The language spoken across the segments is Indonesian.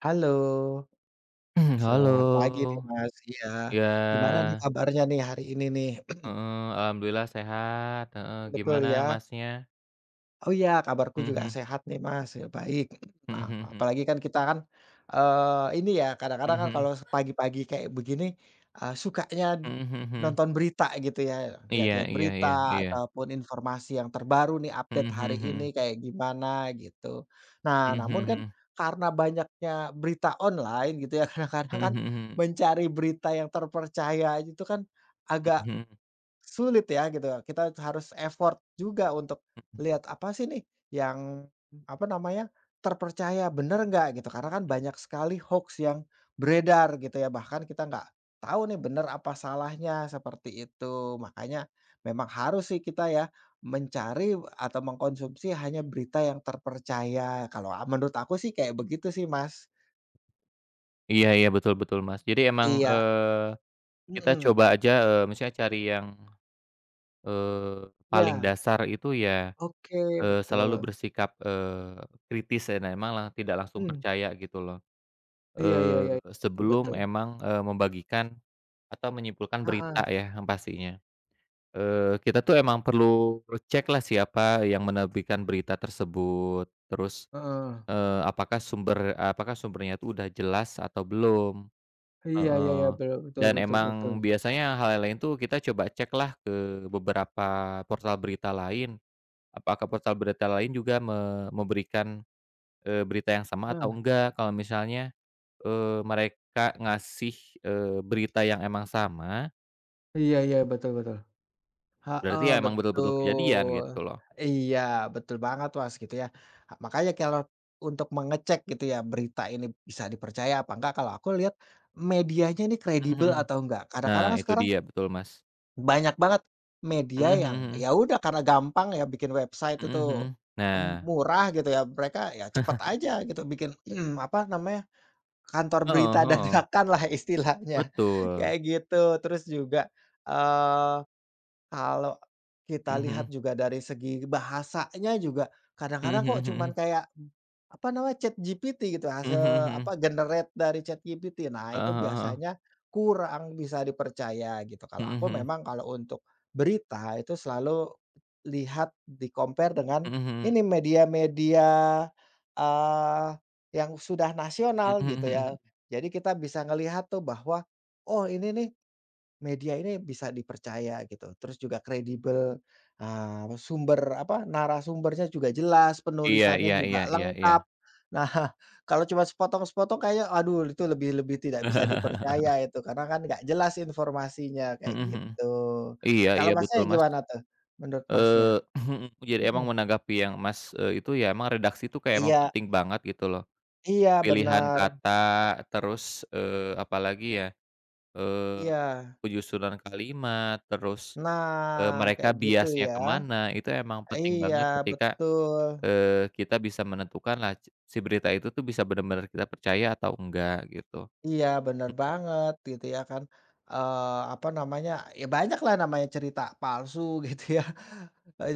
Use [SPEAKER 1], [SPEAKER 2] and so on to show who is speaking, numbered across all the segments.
[SPEAKER 1] Halo.
[SPEAKER 2] Heeh, halo,
[SPEAKER 1] Selamat pagi, nih, Mas. Iya,
[SPEAKER 2] iya.
[SPEAKER 1] gimana, nih, kabarnya, nih, hari ini, nih?
[SPEAKER 2] Heeh, alhamdulillah sehat, heeh,
[SPEAKER 1] Betul,
[SPEAKER 2] gimana
[SPEAKER 1] ya.
[SPEAKER 2] Masnya?
[SPEAKER 1] Oh, ya, kabarku
[SPEAKER 2] Heeh
[SPEAKER 1] juga
[SPEAKER 2] heeh.
[SPEAKER 1] sehat, nih, Mas, ya, baik.
[SPEAKER 2] Heeh
[SPEAKER 1] Maaf
[SPEAKER 2] heeh
[SPEAKER 1] maaf.
[SPEAKER 2] heeh.
[SPEAKER 1] Apalagi kan kita kan, eee, ini, ya, kadang-kadang
[SPEAKER 2] Mhm
[SPEAKER 1] kan
[SPEAKER 2] mhm.
[SPEAKER 1] kalau se pagi-pagi kayak begini, eee, sukanya
[SPEAKER 2] Heeh heeh heeh.
[SPEAKER 1] nonton berita, gitu, ya,
[SPEAKER 2] Iya
[SPEAKER 1] lihat-lihat
[SPEAKER 2] iya iya
[SPEAKER 1] berita
[SPEAKER 2] iya.
[SPEAKER 1] atau pun informasi yang terbaru, nih, update
[SPEAKER 2] Heeh
[SPEAKER 1] hari
[SPEAKER 2] heeh heeh.
[SPEAKER 1] ini kayak gimana, gitu. Nah,
[SPEAKER 2] Heeh
[SPEAKER 1] namun
[SPEAKER 2] heeh
[SPEAKER 1] kan
[SPEAKER 2] heeh.
[SPEAKER 1] karena banyaknya berita online, gitu, ya, kadang-kadang
[SPEAKER 2] Heeh
[SPEAKER 1] kan
[SPEAKER 2] heeh heeh.
[SPEAKER 1] mencari berita yang terpercaya aja itu kan agak
[SPEAKER 2] Mhm mhm.
[SPEAKER 1] sulit, ya, gitu. Kita harus effort juga untuk
[SPEAKER 2] Mhm.
[SPEAKER 1] lihat apa, sih, nih, yang apa namanya, terpercaya, bener nggak, gitu. Karena kan
[SPEAKER 2] Hm
[SPEAKER 1] banyak sekali hoaks yang beredar, gitu, ya, bahkan kita nggak tau, nih, benar apa salahnya, seperti itu. Makanya memang harus, sih, kita, ya, mencari atau mengkonsumsi hanya berita yang terpercaya. Kalau a menurut aku, sih, kayak begitu, sih, Mas.
[SPEAKER 2] Iya iya, betul betul, Mas, jadi emang,
[SPEAKER 1] Iya.
[SPEAKER 2] eee, kita
[SPEAKER 1] Mhm.
[SPEAKER 2] coba aja, eee, misalnya cari yang, eee, paling
[SPEAKER 1] Ya.
[SPEAKER 2] dasar itu, ya,
[SPEAKER 1] Oke,
[SPEAKER 2] eee, selalu
[SPEAKER 1] betul.
[SPEAKER 2] bersikap, eee, kritis dan emang tidak langsung
[SPEAKER 1] Mmm.
[SPEAKER 2] percaya, gitu, loh,
[SPEAKER 1] Iya iya
[SPEAKER 2] eee,
[SPEAKER 1] iya, betul betul.
[SPEAKER 2] sebelum emang, eee, membagikan atau menyimpulkan
[SPEAKER 1] Heeh.
[SPEAKER 2] berita, ya, yang pastinya. Eee, kita, tuh, emang perlu recheck lah siapa yang menerbitkan berita tersebut. Terus,
[SPEAKER 1] Heeh.
[SPEAKER 2] eee, apakah sumber, eee, apakah sumbernya itu udah jelas atau belum,
[SPEAKER 1] Iya iya iya,
[SPEAKER 2] heeh.
[SPEAKER 1] betul betul
[SPEAKER 2] Dan
[SPEAKER 1] betul betul.
[SPEAKER 2] emang biasanya hal yang lain, tuh, kita coba cek lah ke beberapa portal berita lain. Apakah portal berita lain juga me memberikan, eee, berita yang sama atau
[SPEAKER 1] Heeh.
[SPEAKER 2] enggak. Kalau misalnya, eee, mereka ngasih, eee, berita yang emang sama
[SPEAKER 1] Iya iya, betul betul.
[SPEAKER 2] Berarti,
[SPEAKER 1] Heeh,
[SPEAKER 2] ya, emang betul-betul kejadian,
[SPEAKER 1] betul,
[SPEAKER 2] gitu, loh.
[SPEAKER 1] iya, betul banget, Mas, gitu, ya. Ah, makanya kalau untuk mengecek, gitu, ya, berita ini bisa dipercaya apa enggak, kalau aku lihat medianya ini
[SPEAKER 2] Heeh
[SPEAKER 1] kredibel
[SPEAKER 2] heeh.
[SPEAKER 1] atau enggak. Kadang-kadang
[SPEAKER 2] Nah,
[SPEAKER 1] kan
[SPEAKER 2] itu
[SPEAKER 1] sekarang
[SPEAKER 2] dia, betul, Mas.
[SPEAKER 1] banyak banget media
[SPEAKER 2] Heeh heeh
[SPEAKER 1] yang,
[SPEAKER 2] heeh.
[SPEAKER 1] ya, udah karena gampang, ya, bikin website
[SPEAKER 2] Heeh
[SPEAKER 1] itu
[SPEAKER 2] heeh,
[SPEAKER 1] m
[SPEAKER 2] nah.
[SPEAKER 1] murah, gitu, ya, mereka, ya, cepet aja gitu bikin apa namanya, kantor
[SPEAKER 2] Hooh
[SPEAKER 1] berita
[SPEAKER 2] hooh.
[SPEAKER 1] dadakan lah istilahnya,
[SPEAKER 2] Betul.
[SPEAKER 1] kayak gitu. Terus juga, eee, kalau kita
[SPEAKER 2] Heeh
[SPEAKER 1] lihat
[SPEAKER 2] heeh.
[SPEAKER 1] juga dari segi bahasanya juga
[SPEAKER 2] Heeh
[SPEAKER 1] kadang-kadang kok
[SPEAKER 2] heeh
[SPEAKER 1] cuman
[SPEAKER 2] heeh.
[SPEAKER 1] kayak apa namanya ChatGPT, gitu,
[SPEAKER 2] Heeh heeh
[SPEAKER 1] hasil
[SPEAKER 2] heeh.
[SPEAKER 1] apa, generate dari ChatGPT. Nah, itu
[SPEAKER 2] Heeh heeh heeh.
[SPEAKER 1] biasanya kurang bisa dipercaya, gitu. Kalau
[SPEAKER 2] Heeh
[SPEAKER 1] aku
[SPEAKER 2] heeh.
[SPEAKER 1] memang kalau untuk berita itu selalu lihat, di-compare dengan
[SPEAKER 2] Heeh heeh.
[SPEAKER 1] ini, media-media, eee, yang sudah
[SPEAKER 2] Mhm
[SPEAKER 1] nasional, gitu,
[SPEAKER 2] mhm
[SPEAKER 1] ya,
[SPEAKER 2] mhm.
[SPEAKER 1] jadi kita bisa ngelihat, tuh, bahwa, oh, ini, nih, media ini bisa dipercaya, gitu, terus juga kredibel, ah, me sumber apa, narasumbernya juga jelas,
[SPEAKER 2] Iya
[SPEAKER 1] penulisannya
[SPEAKER 2] iya iya
[SPEAKER 1] juga
[SPEAKER 2] iya iya.
[SPEAKER 1] lengkap. Nah, kalau cuma sepotong-sepotong kayaknya, aduh, itu lebih lebih tidak bisa dipercaya itu karena kan enggak jelas informasinya, kayak
[SPEAKER 2] Heeh heeh.
[SPEAKER 1] gitu.
[SPEAKER 2] Iya
[SPEAKER 1] Kalau
[SPEAKER 2] iya, betul
[SPEAKER 1] Masnya
[SPEAKER 2] Mas.
[SPEAKER 1] gimana, tuh, menurut Masnya?
[SPEAKER 2] Eee, jadi emang
[SPEAKER 1] Mhm.
[SPEAKER 2] menanggapi yang Mas, eee, itu, ya, emang redaksi itu kayak emang
[SPEAKER 1] Iya.
[SPEAKER 2] penting banget, gitu, loh.
[SPEAKER 1] Iya,
[SPEAKER 2] Pilihan
[SPEAKER 1] bener.
[SPEAKER 2] kata, terus, eee, apalagi, ya, eee,
[SPEAKER 1] Iya.
[SPEAKER 2] penyusunan kalimat, terus, eee,
[SPEAKER 1] Nah,
[SPEAKER 2] mereka,
[SPEAKER 1] kayak gitu,
[SPEAKER 2] biasnya
[SPEAKER 1] ya.
[SPEAKER 2] ke mana, itu emang penting
[SPEAKER 1] Iya,
[SPEAKER 2] banget ketika,
[SPEAKER 1] betul.
[SPEAKER 2] eee, kita bisa menentukan laj si berita itu, tuh, bisa bener-bener kita percaya atau enggak, gitu.
[SPEAKER 1] Iya, bener banget, gitu, ya. Kan, eee, apa namanya, ya, banyak lah namanya cerita palsu, gitu, ya,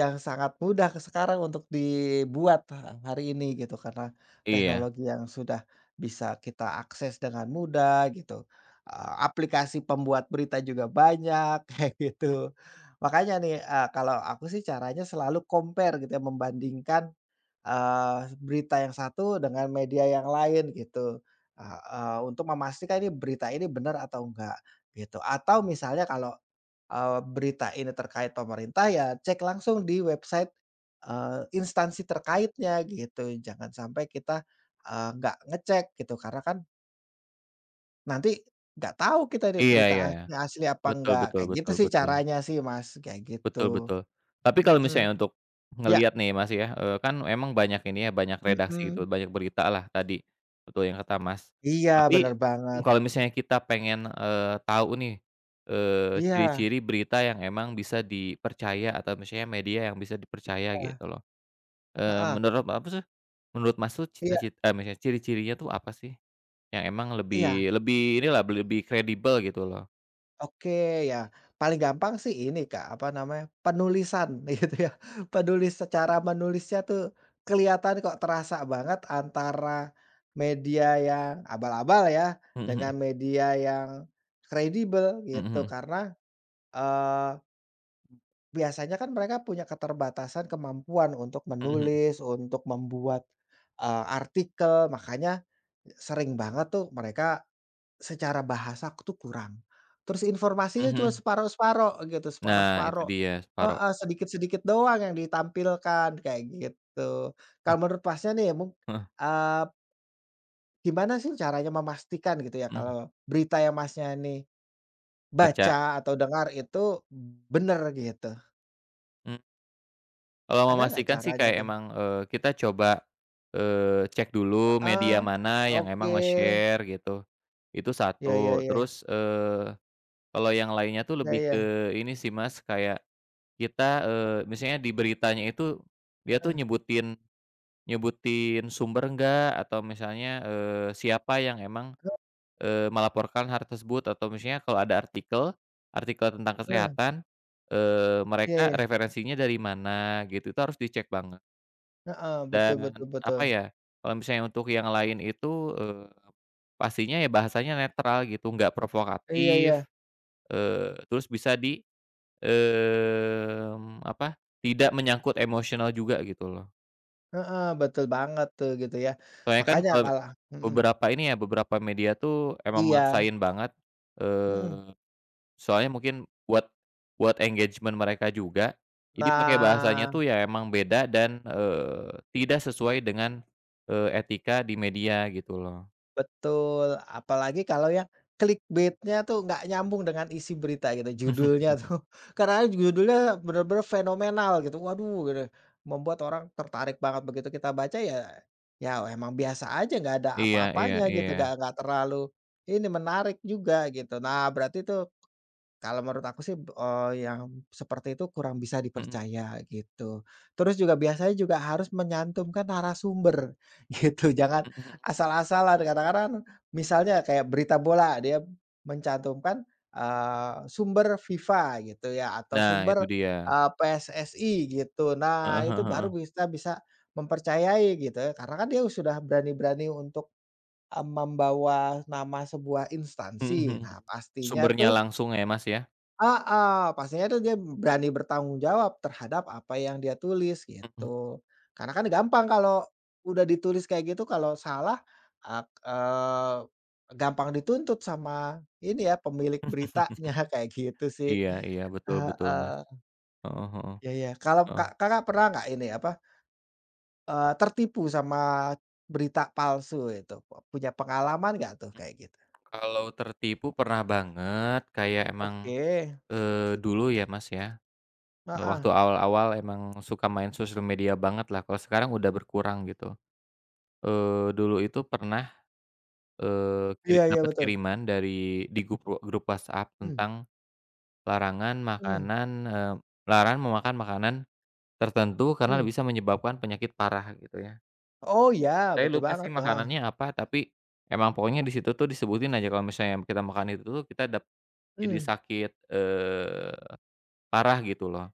[SPEAKER 1] yang sangat mudah sekarang untuk dibuat ha hari ini, gitu, karena
[SPEAKER 2] Iya.
[SPEAKER 1] teknologi yang sudah bisa kita akses dengan mudah, gitu, a aplikasi pembuat berita juga banyak, kayak gitu. Makanya, nih, eee, kalau aku, sih, caranya selalu compare, gitu, ya, membandingkan, eee, berita yang satu dengan media yang lain, gitu, eee eee, untuk memastikan, nih, berita ini benar atau enggak, gitu. Atau misalnya kalau, eee, berita ini terkait pemerintah, ya, cek langsung di website, eee, instansi terkaitnya, gitu, jangan sampai kita, eee, enggak ngecek, gitu, karena kan nanti enggak tau kita, ini
[SPEAKER 2] Iya
[SPEAKER 1] berita
[SPEAKER 2] iya
[SPEAKER 1] a
[SPEAKER 2] iya.
[SPEAKER 1] asli apa
[SPEAKER 2] Betul
[SPEAKER 1] enggak.
[SPEAKER 2] betul
[SPEAKER 1] Kayak gitu,
[SPEAKER 2] betul
[SPEAKER 1] sih,
[SPEAKER 2] betul.
[SPEAKER 1] caranya, sih, Mas, kayak
[SPEAKER 2] Betul
[SPEAKER 1] gitu.
[SPEAKER 2] betul. Tapi kalau
[SPEAKER 1] Mhm.
[SPEAKER 2] misalnya untuk
[SPEAKER 1] Ya.
[SPEAKER 2] ngelihat, nih, Mas, ya, eee, kan emang banyak ini, ya, banyak redaksi,
[SPEAKER 1] Mmm.
[SPEAKER 2] gitu, banyak berita lah tadi, betul yang kata Mas.
[SPEAKER 1] Iya,
[SPEAKER 2] Tapi
[SPEAKER 1] bener banget.
[SPEAKER 2] kalau
[SPEAKER 1] M
[SPEAKER 2] misalnya kita pengen, eee, tau, nih, eee,
[SPEAKER 1] Iya.
[SPEAKER 2] ciri-ciri berita yang emang bisa dipercaya atau misalnya media yang bisa dipercaya,
[SPEAKER 1] Eh.
[SPEAKER 2] gitu, loh. Eee,
[SPEAKER 1] Heeh.
[SPEAKER 2] menurut apa sih menurut Mas, tuh,
[SPEAKER 1] Iya.
[SPEAKER 2] cita-cit eee, mis ciri-cirinya, tuh, apa, sih? Yang emang
[SPEAKER 1] Iya.
[SPEAKER 2] lebih lebih ini lah, lebih-lebih kredibel, gitu, loh.
[SPEAKER 1] Oke, ya, paling gampang sih ini, Kak, apa namanya, penulisan, gitu, ya. Penulis secara menulisnya, tuh, kelihatan kok, terasa banget antara media yang abal-abal, ya,
[SPEAKER 2] Heeh heeh.
[SPEAKER 1] dengan media yang kredibel,
[SPEAKER 2] Heeh
[SPEAKER 1] gitu,
[SPEAKER 2] heeh.
[SPEAKER 1] karena, eee, biasanya kan mereka punya keterbatasan kemampuan untuk
[SPEAKER 2] Heeh heeh.
[SPEAKER 1] menulis, untuk membuat, eee, artikel, makanya sering banget, tuh, mereka secara bahasa, tuh, kurang. Terus
[SPEAKER 2] Heeh
[SPEAKER 1] informasinya cuma
[SPEAKER 2] heeh.
[SPEAKER 1] separuh-separuh, gitu,
[SPEAKER 2] Nah, itu
[SPEAKER 1] separuh-separuh.
[SPEAKER 2] dia, separo.
[SPEAKER 1] Heeh, sedikit-sedikit doang yang ditampilkan, kayak gitu. Kalau menurut Masnya, nih, mung
[SPEAKER 2] Heeh.
[SPEAKER 1] eee gimana, sih, caranya memastikan, gitu, ya,
[SPEAKER 2] Mhm.
[SPEAKER 1] kalau berita, yang Masnya, nih,
[SPEAKER 2] Baca.
[SPEAKER 1] baca atau dengar itu bener, gitu?
[SPEAKER 2] Mmm. Kalau mau
[SPEAKER 1] Ada nggak
[SPEAKER 2] memastikan, sih,
[SPEAKER 1] caranya,
[SPEAKER 2] kayak
[SPEAKER 1] tuh?
[SPEAKER 2] emang, eee, kita coba, eee, cek dulu media
[SPEAKER 1] Heeh.
[SPEAKER 2] mana yang emang
[SPEAKER 1] Oke.
[SPEAKER 2] nge-share, gitu, itu
[SPEAKER 1] Ya ya
[SPEAKER 2] satu.
[SPEAKER 1] ya.
[SPEAKER 2] Terus, eee, kalau yang lainnya, tuh,
[SPEAKER 1] Ya
[SPEAKER 2] lebih
[SPEAKER 1] ya.
[SPEAKER 2] ke ini sih, Mas, kayak kita, eee, misalnya di beritanya itu dia, tuh,
[SPEAKER 1] Eh.
[SPEAKER 2] nyebutin nyebutin sumber nggak. Atau misalnya, eee, siapa yang emang,
[SPEAKER 1] He
[SPEAKER 2] eee, melaporkan har tersebut. Atau misalnya kalau ada artikel, artikel tentang
[SPEAKER 1] Heeh.
[SPEAKER 2] kesehatan, eee,
[SPEAKER 1] Iya
[SPEAKER 2] mereka
[SPEAKER 1] iya.
[SPEAKER 2] referensinya dari mana, gitu, itu harus dicek banget.
[SPEAKER 1] Heeh, betul
[SPEAKER 2] Dan
[SPEAKER 1] betul
[SPEAKER 2] apa,
[SPEAKER 1] betul.
[SPEAKER 2] ya, kalau misalnya untuk yang lain itu, eee, pastinya, ya, bahasanya netral, gitu, nggak
[SPEAKER 1] Iya iya.
[SPEAKER 2] provokatif, eee, terus bisa di, mmm, apa, tidak menyangkut emosional juga, gitu, loh.
[SPEAKER 1] Heeh, betul banget, tuh, gitu, ya.
[SPEAKER 2] Soalnya kan
[SPEAKER 1] Makanya
[SPEAKER 2] kalau
[SPEAKER 1] kalau mhm.
[SPEAKER 2] beberapa ini, ya, beberapa media, tuh, emang
[SPEAKER 1] Iya.
[SPEAKER 2] maksain banget.
[SPEAKER 1] Mhm.
[SPEAKER 2] Eee, soalnya mungkin buat buat engagement mereka juga. Jadi pakai bahasanya,
[SPEAKER 1] Nah.
[SPEAKER 2] tuh, ya, emang beda dan, eee, tidak sesuai dengan, eee, etika di media, gitu, loh.
[SPEAKER 1] Betul, apalagi kalau yang clickbait-nya, tuh, nggak nyambung dengan isi berita, gitu, judulnya, tuh. Kadang-kadang judulnya bener-bener fenomenal, gitu, waduh, gitu ya, membuat orang tertarik banget. Begitu kita baca, ya ya emang biasa aja, nggak ada
[SPEAKER 2] Iya iya
[SPEAKER 1] apa-apanya, gitu, nggak
[SPEAKER 2] iya.
[SPEAKER 1] nggak terlalu ini, menarik juga, gitu. Nah, berarti, tuh, kalau menurut aku, sih, eee, yang seperti itu kurang bisa
[SPEAKER 2] Mhm.
[SPEAKER 1] dipercaya, gitu. Terus juga biasanya juga harus menyantumkan narasumber, gitu. Jangan
[SPEAKER 2] Mhm mhm.
[SPEAKER 1] asal-asalan, kadang-kadang kan misalnya kayak berita bola, dia mencantumkan, eee, sumber FIFA, gitu, ya, atau
[SPEAKER 2] Nah, itu
[SPEAKER 1] sumber,
[SPEAKER 2] dia.
[SPEAKER 1] eee, PSSI, gitu. Nah,
[SPEAKER 2] Heeh heeh
[SPEAKER 1] itu baru
[SPEAKER 2] heeh.
[SPEAKER 1] bisa bisa mempercayai, gitu, ya, karena kan dia sudah berani-berani untuk, eee, membawa nama sebuah
[SPEAKER 2] Mhm mhm.
[SPEAKER 1] instansi. Nah, pastinya,
[SPEAKER 2] Sumbernya
[SPEAKER 1] tuh
[SPEAKER 2] langsung, ya, Mas, ya?
[SPEAKER 1] Heeh, pastinya, tuh, dia berani bertanggung jawab terhadap apa yang dia tulis,
[SPEAKER 2] Mhm.
[SPEAKER 1] gitu, karena kan gampang kalau udah ditulis kayak gitu kalau salah ek eee, gampang dituntut sama ini, ya, pemilik beritanya, kayak gitu, sih.
[SPEAKER 2] Iya iya, betul betul, Mas.
[SPEAKER 1] Heeh.
[SPEAKER 2] Heeh heeh,
[SPEAKER 1] Ya ya, kalau ka
[SPEAKER 2] heeh.
[SPEAKER 1] Kakak pernah nggak ini, apa eee, tertipu sama berita palsu itu, pe punya pengalaman nggak, tuh,
[SPEAKER 2] Hmm.
[SPEAKER 1] kayak gitu?
[SPEAKER 2] Kalau tertipu pernah banget, kayak emang,
[SPEAKER 1] Oke.
[SPEAKER 2] eee, dulu, ya, Mas, ya. Nah,
[SPEAKER 1] Heeh.
[SPEAKER 2] waktu awal-awal emang suka main sosial media banget lah, kalau sekarang udah berkurang, gitu. Eee, dulu itu pernah, eee, kiri
[SPEAKER 1] Iya iya,
[SPEAKER 2] dapet
[SPEAKER 1] betul.
[SPEAKER 2] kiriman dari di gup eee, grup WhatsApp
[SPEAKER 1] Mmm.
[SPEAKER 2] tentang larangan
[SPEAKER 1] Mmm.
[SPEAKER 2] makanan, eee, larang memakan makanan tertentu karena
[SPEAKER 1] Mmm.
[SPEAKER 2] bisa menyebabkan penyakit parah, gitu, ya.
[SPEAKER 1] Oh, iya,
[SPEAKER 2] Saya
[SPEAKER 1] betul
[SPEAKER 2] lupa, sih,
[SPEAKER 1] banget, heeh.
[SPEAKER 2] makanannya apa, tapi emang pokoknya di situ, tuh, disebutin aja kalau misalnya kita makan itu, tuh, kita dap jadi
[SPEAKER 1] Mmm.
[SPEAKER 2] sakit, eee, parah, gitu, loh.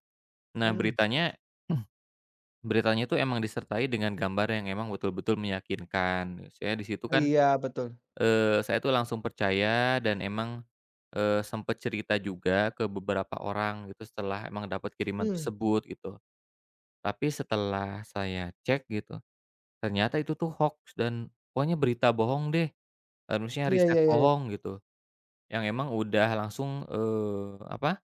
[SPEAKER 2] Nah,
[SPEAKER 1] Mmm.
[SPEAKER 2] beritanya beritanya itu emang disertai dengan gambar yang emang betul-betul meyakinkan, misalnya di situ kan,
[SPEAKER 1] Iya, betul.
[SPEAKER 2] eee, saya, tuh, langsung percaya dan emang, eee, sempet cerita juga ke beberapa orang, gitu, setelah emang dapat kiriman
[SPEAKER 1] Mmm.
[SPEAKER 2] tersebut, gitu. Tapi setelah saya cek, gitu, ternyata itu, tuh, hoaks dan pokoknya berita bohong, deh, eee, misalnya
[SPEAKER 1] Iya
[SPEAKER 2] riset
[SPEAKER 1] iya iya iya.
[SPEAKER 2] bohong, gitu, yang emang udah langsung, eee, apa,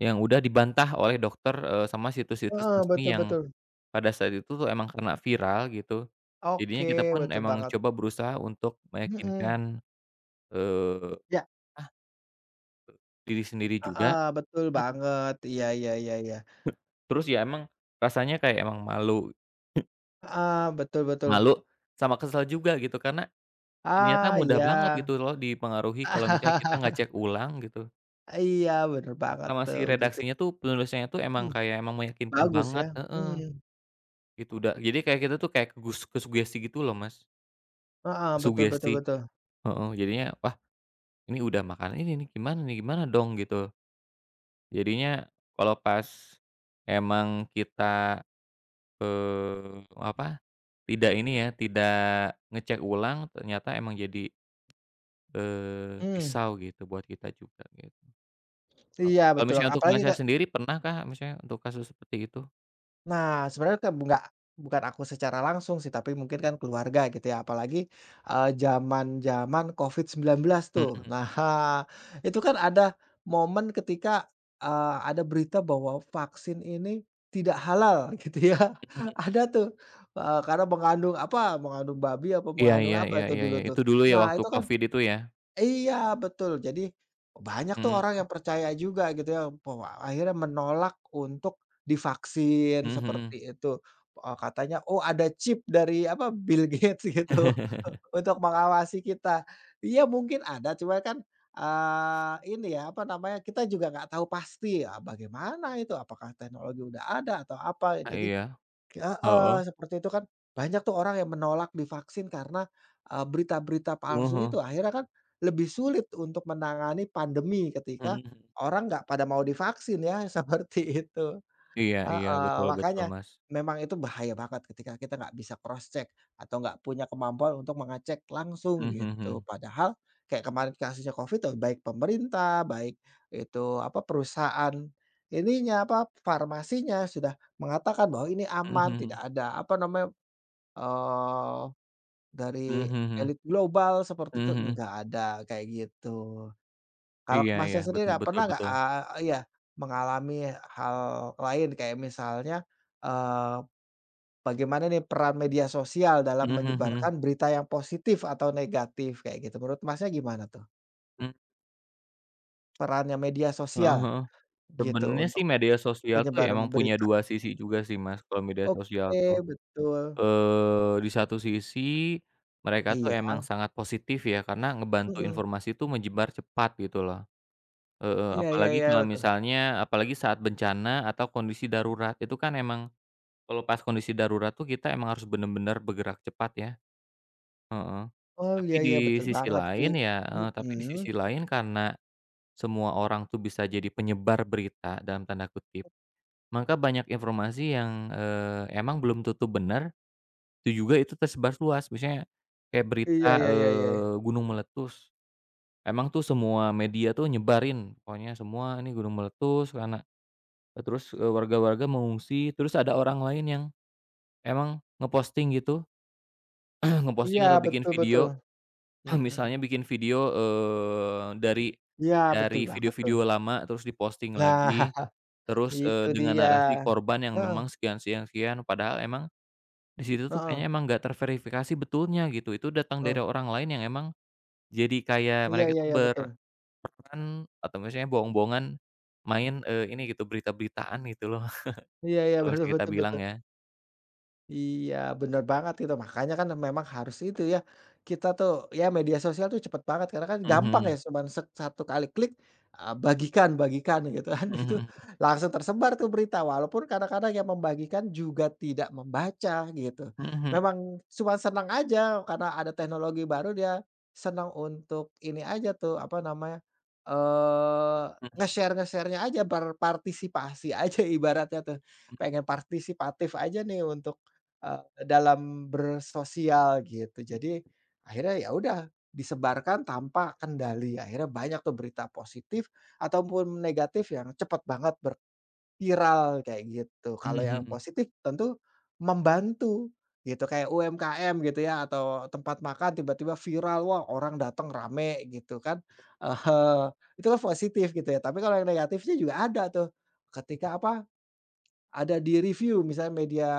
[SPEAKER 2] yang udah dibantah oleh dokter, eee, sama situs-situs
[SPEAKER 1] Heeh,
[SPEAKER 2] resmi
[SPEAKER 1] betul
[SPEAKER 2] yang
[SPEAKER 1] betul.
[SPEAKER 2] pada saat itu, tuh, emang karena viral gitu, jadinya kita
[SPEAKER 1] Oke,
[SPEAKER 2] pun
[SPEAKER 1] betul
[SPEAKER 2] emang
[SPEAKER 1] banget.
[SPEAKER 2] coba berusaha untuk
[SPEAKER 1] Mhm.
[SPEAKER 2] meyakinkan, eee,
[SPEAKER 1] Ya.
[SPEAKER 2] ah, ke diri sendiri juga
[SPEAKER 1] Heeh, betul
[SPEAKER 2] mhm.
[SPEAKER 1] banget, iya iya iya iya.
[SPEAKER 2] Terus, ya, emang, rasanya kayak emang malu.
[SPEAKER 1] Heeh, betul betul.
[SPEAKER 2] Malu sama kesel juga, gitu, karena ternyata
[SPEAKER 1] Ah,
[SPEAKER 2] mudah banget
[SPEAKER 1] iya.
[SPEAKER 2] gitu, loh, dipengaruhi kalau misalnya kita nggak cek ulang, gitu
[SPEAKER 1] Iya, bener banget,
[SPEAKER 2] Sama
[SPEAKER 1] tuh,
[SPEAKER 2] si
[SPEAKER 1] gitu.
[SPEAKER 2] redaksinya, tuh, penulisnya, tuh, emang
[SPEAKER 1] Hmm.
[SPEAKER 2] kayak emang meyakinkan
[SPEAKER 1] Bagus,
[SPEAKER 2] banget,
[SPEAKER 1] ya,
[SPEAKER 2] heeh.
[SPEAKER 1] mmm.
[SPEAKER 2] Gitu, da jadi kayak kita, tuh, kayak ke gus kesugesti, gitu, loh, Mas.
[SPEAKER 1] Heeh, betul betul
[SPEAKER 2] Sugesti,
[SPEAKER 1] betul.
[SPEAKER 2] heeh. Jadinya, "Wah, ini udah makan ini, nih, gimana, nih, gimana dong?" Gitu, jadinya kalau pas emang kita, eee, apa, tidak ini, ya, tidak ngecek ulang, ternyata emang jadi, eee,
[SPEAKER 1] Mmm.
[SPEAKER 2] pisau, gitu, buat kita juga, gitu. Heeh,
[SPEAKER 1] Iya,
[SPEAKER 2] kalau
[SPEAKER 1] betul,
[SPEAKER 2] misalnya untuk
[SPEAKER 1] apalagi
[SPEAKER 2] Masnya
[SPEAKER 1] ka
[SPEAKER 2] sendiri, pernahkah misalnya untuk kasus seperti itu?
[SPEAKER 1] Nah, sebenarnya kebu nggak bukan aku secara langsung, sih, tapi mungkin kan keluarga gitu, ya, apalagi, eee, jaman-jaman COVID-19, tuh.
[SPEAKER 2] Mhm.
[SPEAKER 1] Nah, hah, itu kan ada momen ketika, eee, ada berita bahwa vaksin ini tidak halal, gitu, ya,
[SPEAKER 2] Mhm.
[SPEAKER 1] ada, tuh, eee, karena mengandung apa, mengandung babi apa
[SPEAKER 2] Iya
[SPEAKER 1] mengandung
[SPEAKER 2] iya
[SPEAKER 1] apa
[SPEAKER 2] iya
[SPEAKER 1] itu
[SPEAKER 2] iya iya,
[SPEAKER 1] dulu, tuh,
[SPEAKER 2] itu dulu, ya,
[SPEAKER 1] nah,
[SPEAKER 2] waktu
[SPEAKER 1] itu kan
[SPEAKER 2] COVID itu, ya?
[SPEAKER 1] iya, betul. Jadi banyak, tuh, orang yang
[SPEAKER 2] Mmm.
[SPEAKER 1] percaya juga, gitu, ya. Pe wa akhirnya menolak untuk divaksin,
[SPEAKER 2] Mhm mhm.
[SPEAKER 1] seperti itu, eee, katanya, oh, ada chip dari apa, Bill Gates, gitu, untuk mengawasi kita. Iya, mungkin ada, cuma kan, eee, ini, ya, apa namanya, kita juga nggak tau pasti, ah, bagaimana itu, apakah teknologi udah ada atau apa, ya,
[SPEAKER 2] Ah,
[SPEAKER 1] jadi
[SPEAKER 2] iya.
[SPEAKER 1] heeh,
[SPEAKER 2] Heeh.
[SPEAKER 1] seperti itu kan banyak, tuh, orang yang menolak divaksin karena, eee, berita-berita
[SPEAKER 2] Wah,
[SPEAKER 1] palsu
[SPEAKER 2] heeh.
[SPEAKER 1] itu. Akhirnya kan lebih sulit untuk menangani pandemi ketika
[SPEAKER 2] Mhm, hmm.
[SPEAKER 1] orang nggak pada mau divaksin, ya, seperti itu.
[SPEAKER 2] Iya iya,
[SPEAKER 1] Heeh,
[SPEAKER 2] betul betul,
[SPEAKER 1] makanya
[SPEAKER 2] Mas.
[SPEAKER 1] memang itu bahaya banget ketika kita nggak bisa cross-check atau nggak punya kemampuan untuk mengecek langsung,
[SPEAKER 2] Mhm mhm
[SPEAKER 1] gitu.
[SPEAKER 2] mhm.
[SPEAKER 1] Padahal kayak kemarin kasusnya COVID, baik pemerintah, baik itu apa, perusahaan ininya, apa, farmasinya sudah mengatakan bahwa ini
[SPEAKER 2] Mhm
[SPEAKER 1] aman, tidak
[SPEAKER 2] mhm.
[SPEAKER 1] ada apa namanya, eee, dari
[SPEAKER 2] Mhm mhm mhm.
[SPEAKER 1] elit global, seperti itu,
[SPEAKER 2] Mhm mhm.
[SPEAKER 1] nggak ada, kayak gitu. Kalau
[SPEAKER 2] Iya ya,
[SPEAKER 1] Masnya sendiri
[SPEAKER 2] betul
[SPEAKER 1] a
[SPEAKER 2] betul
[SPEAKER 1] pernah nggak,
[SPEAKER 2] betul.
[SPEAKER 1] eee iya, mengalami hal lain kayak misalnya, eee, bagaimana, nih, peran media sosial dalam
[SPEAKER 2] Mhm mhm mhm.
[SPEAKER 1] menyebarkan berita yang positif atau negatif, kayak gitu, menurut Masnya gimana, tuh?
[SPEAKER 2] Mmm.
[SPEAKER 1] Perannya media
[SPEAKER 2] Heeh
[SPEAKER 1] sosial,
[SPEAKER 2] heeh.
[SPEAKER 1] gitu,
[SPEAKER 2] Sebenernya, sih,
[SPEAKER 1] untuk
[SPEAKER 2] media sosial, tuh, ya,
[SPEAKER 1] penyebaran
[SPEAKER 2] emang punya
[SPEAKER 1] berita.
[SPEAKER 2] dua sisi juga, sih, Mas, kalau media sosial,
[SPEAKER 1] Oke,
[SPEAKER 2] tuh.
[SPEAKER 1] betul.
[SPEAKER 2] Eee, di satu sisi mereka, tuh,
[SPEAKER 1] Iya.
[SPEAKER 2] emang sangat positif, ya, karena ngebantu
[SPEAKER 1] Mhm.
[SPEAKER 2] informasi, tuh, menyebar cepat, gitu, loh. E e
[SPEAKER 1] Iya iya
[SPEAKER 2] apalagi
[SPEAKER 1] iya,
[SPEAKER 2] kalau
[SPEAKER 1] betul.
[SPEAKER 2] misalnya apalagi saat bencana atau kondisi darurat, itu kan emang kalau pas kondisi darurat, tuh, kita emang harus benar-benar bergerak cepat, ya. Heeh.
[SPEAKER 1] Oh,
[SPEAKER 2] Tapi
[SPEAKER 1] iya
[SPEAKER 2] di
[SPEAKER 1] iya, betul
[SPEAKER 2] sisi
[SPEAKER 1] banget, sih,
[SPEAKER 2] lain, ya, eee, tapi di
[SPEAKER 1] mhm.
[SPEAKER 2] sisi lain karena semua orang, tuh, bisa jadi "penyebar berita" dalam tanda kutip. Maka banyak informasi yang, eee, emang belum tentu bener, itu juga itu tersebar luas. Misalnya kayak
[SPEAKER 1] Iya,
[SPEAKER 2] berita,
[SPEAKER 1] ya ya ya.
[SPEAKER 2] eee, gunung meletus, emang, tuh, semua media, tuh, nyebarin, pokoknya semua ini gunung meletus lana eee, terus warga-warga mengungsi, terus ada orang lain yang emang ngeposting gitu.
[SPEAKER 1] Iya,
[SPEAKER 2] Ngeposting atau bikin
[SPEAKER 1] betul betul.
[SPEAKER 2] video. Misalnya
[SPEAKER 1] Mhm.
[SPEAKER 2] bikin video, eee, dari
[SPEAKER 1] Iya, betul
[SPEAKER 2] dari
[SPEAKER 1] banget, tuh.
[SPEAKER 2] video-video lama terus diposting
[SPEAKER 1] Nah,
[SPEAKER 2] lagi terus,
[SPEAKER 1] itu
[SPEAKER 2] eee, dengan
[SPEAKER 1] dia.
[SPEAKER 2] narasi korban yang memang
[SPEAKER 1] Heeh.
[SPEAKER 2] sekian, sekian, sekian, padahal emang di situ, tuh, kayaknya
[SPEAKER 1] Heeh.
[SPEAKER 2] emang nggak terverifikasi betulnya, gitu, itu datang
[SPEAKER 1] Eh.
[SPEAKER 2] dari orang lain yang emang jadi kayak
[SPEAKER 1] Iya
[SPEAKER 2] mereka
[SPEAKER 1] iya
[SPEAKER 2] itu
[SPEAKER 1] iya,
[SPEAKER 2] ber
[SPEAKER 1] betul.
[SPEAKER 2] berperan atau misalnya bohong-bohongan, main, eee, ini, gitu, berita-beritaan, gitu, loh.
[SPEAKER 1] Iya iya,
[SPEAKER 2] Terus
[SPEAKER 1] betul
[SPEAKER 2] kita
[SPEAKER 1] betul
[SPEAKER 2] bilang,
[SPEAKER 1] betul.
[SPEAKER 2] ya.
[SPEAKER 1] Iya, bener banget itu, makanya kan memang harus itu, ya, kita, tuh, ya, media sosial, tuh, cepat banget karena
[SPEAKER 2] Mhm
[SPEAKER 1] gampang, ya,
[SPEAKER 2] mhm.
[SPEAKER 1] cuman se satu kali klik, eee, bagikan bagikan, gitu, kan,
[SPEAKER 2] Mhm
[SPEAKER 1] itu
[SPEAKER 2] mhm.
[SPEAKER 1] langsung tersebar, tuh, berita. Walaupun kadang-kadang yang membagikan juga tidak membaca, gitu.
[SPEAKER 2] Mhm he
[SPEAKER 1] Memang cuman senang aja karena ada teknologi baru, dia senang untuk ini aja, tuh, apa namanya, eee,
[SPEAKER 2] Mhm.
[SPEAKER 1] nge-share-nge-share-nya aja, berpartisipasi aja ibaratnya. tuh,
[SPEAKER 2] Hmm.
[SPEAKER 1] pengen partisipatif aja, nih, untuk, eee, dalam bersosial, gitu. Jadi akhirnya, ya, udah, disebarkan tanpa kendali, akhirnya banyak, tuh, berita positif atau pun negatif yang cepat banget ber viral kayak gitu.
[SPEAKER 2] Mhm
[SPEAKER 1] Kalau yang
[SPEAKER 2] mhm.
[SPEAKER 1] positif tentu membantu, gitu, kayak UMKM, gitu, ya, atau, eee, tempat makan tiba-tiba viral, wah, orang dateng rame, gitu, kan. Ah hah, itu kan positif, gitu, ya, tapi kalau yang negatif, sih, juga ada, tuh, ketika apa, ada di-review, misalnya media,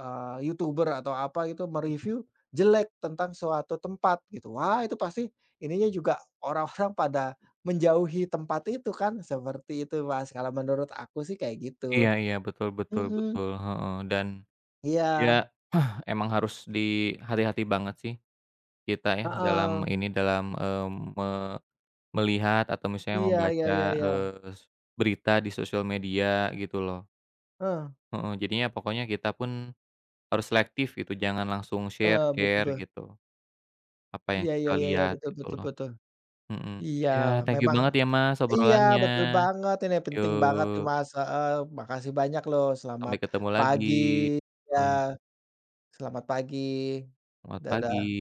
[SPEAKER 1] eee, YouTuber atau apa gitu,
[SPEAKER 2] Hmm.
[SPEAKER 1] me-review jelek tentang suatu tempat, gitu, wah, itu pasti ininya juga orang-orang pada menjauhi tempat itu kan, seperti itu, Mas. Kalau menurut aku, sih, kayak gitu.
[SPEAKER 2] Iya iya, betul betul
[SPEAKER 1] Mhm.
[SPEAKER 2] betul, heeh. Dan, ya,
[SPEAKER 1] Iya.
[SPEAKER 2] emang harus di hati-hati banget, sih. Kita, ya, dalam
[SPEAKER 1] Heeh.
[SPEAKER 2] ini, dalam, mmm, me melihat atau misalnya
[SPEAKER 1] Iya iya
[SPEAKER 2] membaca,
[SPEAKER 1] iya iya.
[SPEAKER 2] eee s berita di sosial media gitu, loh.
[SPEAKER 1] Heeh.
[SPEAKER 2] Heeh, jadinya pokoknya kita pun harus selektif, gitu, jangan langsung
[SPEAKER 1] Heeh, betul
[SPEAKER 2] share-share
[SPEAKER 1] be
[SPEAKER 2] gitu. Apa yang
[SPEAKER 1] Iya
[SPEAKER 2] kita
[SPEAKER 1] iya iya iya,
[SPEAKER 2] lihat,
[SPEAKER 1] betul
[SPEAKER 2] gitu,
[SPEAKER 1] betul
[SPEAKER 2] loh.
[SPEAKER 1] betul.
[SPEAKER 2] Mhm,
[SPEAKER 1] Iya,
[SPEAKER 2] ya, thank you
[SPEAKER 1] memang
[SPEAKER 2] banget, ya, Mas,
[SPEAKER 1] iya,
[SPEAKER 2] obrolannya,
[SPEAKER 1] betul banget, ini penting banget, nih,
[SPEAKER 2] yuk.
[SPEAKER 1] Mas, heeh. Makasih banyak, loh. Selamat
[SPEAKER 2] Sampai ketemu lagi.
[SPEAKER 1] pagi, ya.
[SPEAKER 2] Mmm.
[SPEAKER 1] Selamat pagi,
[SPEAKER 2] Selamat
[SPEAKER 1] dadah.
[SPEAKER 2] pagi.